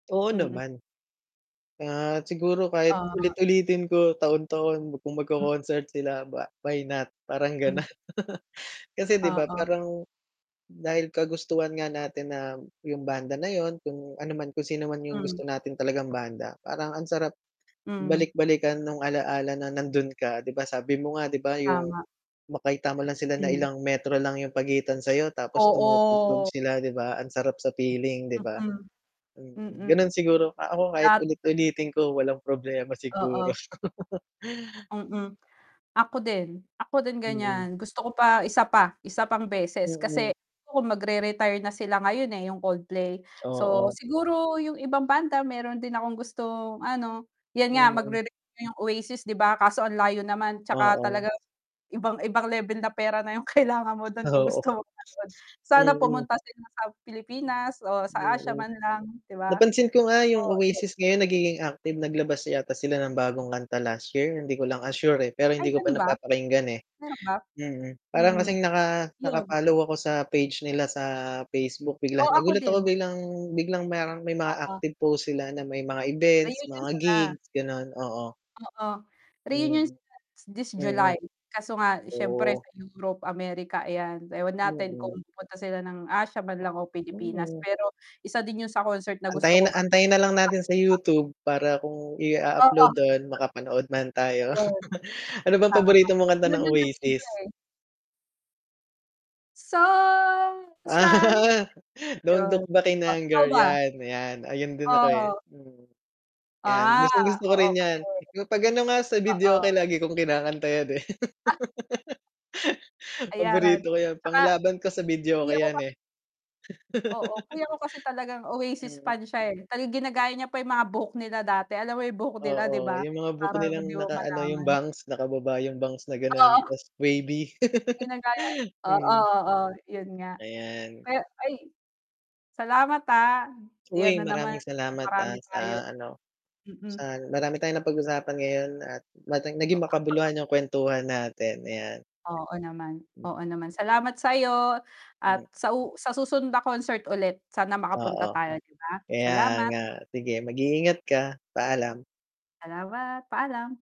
Oo Mm. naman. Ah siguro kahit Ah. ulit ulitin ko taon-taon kung Hmm. mag-co-concert sila ba why not? Parang Hmm. gano'n. Kasi 'di ba Oo. parang dahil kagustuhan nga natin na yung banda na yun kung ano man kung sino man yung Hmm. gusto natin talagang banda, parang ang sarap Hmm. balik-balikan nung ala-ala na nando'n ka. 'Di ba sabi mo nga, 'di ba yung Tama. makita mo lang sila na Hmm. ilang metro lang yung pagitan sa 'yo tapos tumutugtog Oo. sila 'di ba, ang sarap sa feeling 'di ba? Mm, Mm, mm. ganon siguro ako kahit Ta ulit ulitin ko walang problema siguro. Oo. Mm, ako din, ako din Mm. gan'yan, gusto ko pa isa pa, isa pang beses Mm. kasi kung mag-re retire na sila ngayon eh yung Coldplay. So, Oo. siguro 'yung ibang banda meron din akong gustong ano, 'yan nga Mm. mag-re-re yung Oasis 'di ba? Kaso ang layo naman tsaka Oo. talagang ibang ibang level na pera na yung kailangan mo dun kung Oo, gusto mong nanood. Sana mm. pumunta sila sa Pilipinas o sa Asia Mm. man lang di ba? Napansin ko nga yung Oo, 'yun. Oasis ngayon nagiging active naglabas yata sila ng bagong kanta last year, hindi ko lang, ah, sure eh, pero Ay hindi ko pa ganun ba? napapakinggan eh. Meron ba? Mm, hmm parang Hmm kasing naka naka yun. follow ako sa page nila sa Facebook Oh, biglang, ako nagulat ako din. biglang biglang may may mga Oo. active post sila na may mga events, Reunion mga sila. gigs gano'n oo. Oo, Mm, reunion sila this mm. July kaso nga syempre Oo. sa Europe, Amerika ayan, ewan natin kung Oo. pupunta sila ng Asia man lang o Pilipinas, [unintelligible] pero isa din yun sa concert na gusto ko Antayin na [unintelligible] antayin na lang natin sa YouTube para kung i a upload Oo. do'n makapanood man tayo. Ayun. Ano bang Tama, paborito mong kanta yun ng yung kasi iba Oasis? eh. So, Sally Ah. can Don't Yon. look back in Ah ikaw anger, ba? yan, 'yan. Ayun din ako eh. Oo. Mm. 'Yan, Ah gustong gusto ko oo rin 'yan kasi 'pag ano nga sa Oo. videoke, lagi kong kinakanta 'yan eh. Ayan. Paborito ko 'yan, Tsaka panglaban ko sa videoke kuya ko 'yan eh. kasi Oo, kuya ko kasi talagang Oasis Mhm. fan siya eh, talagang ginagaya niya pa yung mga buhok nila dati, alam mo yung buhok nila 'di Oo ba, yung mga buhok parang 'di nilang mo naka-ano yung malaman. bangs nakababa yung bangs na gano'n, Oo. tas wavy. Ginagaya, oo, Hmm. oo yun nga, Ayan. pero ay, salamat ah, ayan Uy, na naman maraming na salamat ah marami sa tayo. ano, Mm. sa marami tayong napag-usapan ngayon at naging makabuluhan yung kwentuhan natin, ayan. Oo naman, Hmm. oo naman. Salamat sayo at Hmm. sa u sa susunod na concert ulit sana Oo, makapunta tayo 'di ba? kaya Salamat. nga, sige mag iingat ka, paalam. Salamat, paalam.